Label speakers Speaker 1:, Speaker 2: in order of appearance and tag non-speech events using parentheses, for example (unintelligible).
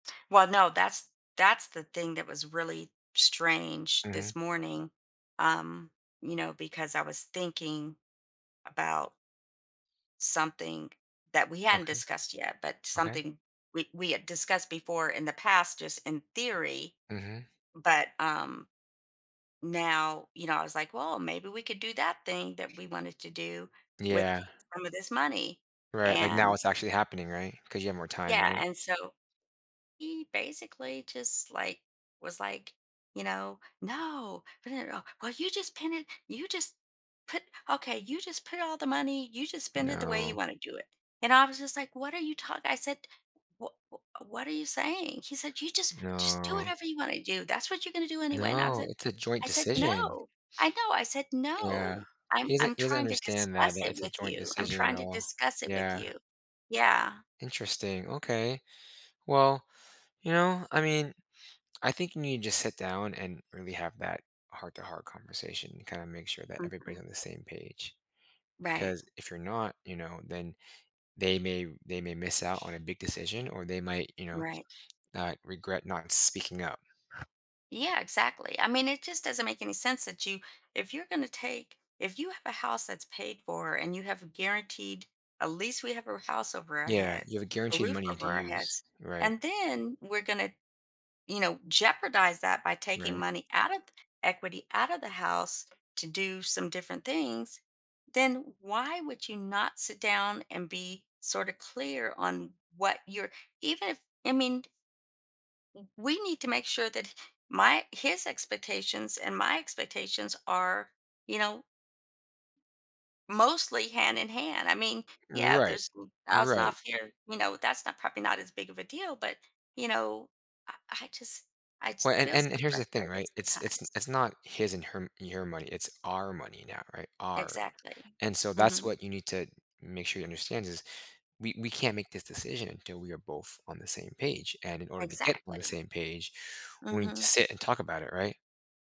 Speaker 1: Well, no that's that's the thing that was really strange
Speaker 2: Mhm.
Speaker 1: this morning, um, you know, because I was thinking about something that we hadn't
Speaker 2: Okay.
Speaker 1: discussed yet, but
Speaker 2: Okay.
Speaker 1: something we we had discussed before in the past just in theory.
Speaker 2: Mhm.
Speaker 1: But, um, now, you know, I was like, well, maybe we could do that thing that we wanted to do with
Speaker 2: Yeah.
Speaker 1: some of this money
Speaker 2: Right. Like, now
Speaker 1: and
Speaker 2: it's actually happening. Right? 'Cause you have more time.
Speaker 1: Yeah,
Speaker 2: Right?
Speaker 1: and so he basically just like was, like, you know, No. (unintelligible) Well, you just pin it you just put okay you just put all the money, you just spend it the way
Speaker 2: No.
Speaker 1: you want to do it. And I was just like, what are you talk I said, what w what are you saying? He said, "you just just do
Speaker 2: No.
Speaker 1: whatever you want to do. That's what you're going to do anyway." And I was
Speaker 2: No.
Speaker 1: e
Speaker 2: It's a joint
Speaker 1: I said,
Speaker 2: decision.
Speaker 1: "no, I know." I said,
Speaker 2: (sniffs) Yeah.
Speaker 1: "no, I'm
Speaker 2: He doesn't
Speaker 1: I'm
Speaker 2: he doesn't
Speaker 1: trying to
Speaker 2: understand that
Speaker 1: discuss
Speaker 2: that
Speaker 1: it
Speaker 2: it's a
Speaker 1: with
Speaker 2: joint
Speaker 1: you. I'm
Speaker 2: decision at
Speaker 1: trying to
Speaker 2: all.
Speaker 1: discuss it with
Speaker 2: Yeah.
Speaker 1: you." Yeah.
Speaker 2: Interesting. Okay. Well, you know, I mean, I think you need to sit down and really have that heart-to-heart conversation and kinda make sure that everybody
Speaker 1: Mhm.
Speaker 2: on the same page.
Speaker 1: Right.
Speaker 2: 'cause if you're not, you know, then they may they may miss out on a big decision or they might, you know, uh,
Speaker 1: Right.
Speaker 2: not regret not speaking up.
Speaker 1: Yeah, exactly. I mean it just doesn't make any sense that you if you're gonna to take if you have a house that's paid for and you have guaranteed at least we have a r house over our
Speaker 2: Yeah.
Speaker 1: heads,
Speaker 2: You have a
Speaker 1: a
Speaker 2: guaranteed
Speaker 1: roof
Speaker 2: money to
Speaker 1: over our
Speaker 2: use.
Speaker 1: heads,
Speaker 2: Right?
Speaker 1: and then we're gonna, you know, jeopardize that by taking
Speaker 2: Right.
Speaker 1: money out of equity out of the house to do some different things, then why would you not sit down and be sorta clear on what you're even if I mean w we need to make sure that my his expectations and my expectations are, you know mostly hand in hand. I mean, yeah,
Speaker 2: Right.
Speaker 1: there's a thousand
Speaker 2: Right.
Speaker 1: off here, you know, that's not probably not as big of a deal, but you know, I I just I just
Speaker 2: Well and
Speaker 1: feel
Speaker 2: and
Speaker 1: so
Speaker 2: here's the thing.
Speaker 1: frustrated
Speaker 2: Right? It's it's
Speaker 1: sometimes.
Speaker 2: it's not his and her your money. It's our money now, right, our.
Speaker 1: Exactly.
Speaker 2: And so that's
Speaker 1: Mhm.
Speaker 2: what you need to make sure you understand is we we can't make this decision till we are both on the same page. And in order to get on the
Speaker 1: Exactly.
Speaker 2: same page, we need to
Speaker 1: Mhm.
Speaker 2: sit and talk about it. Right?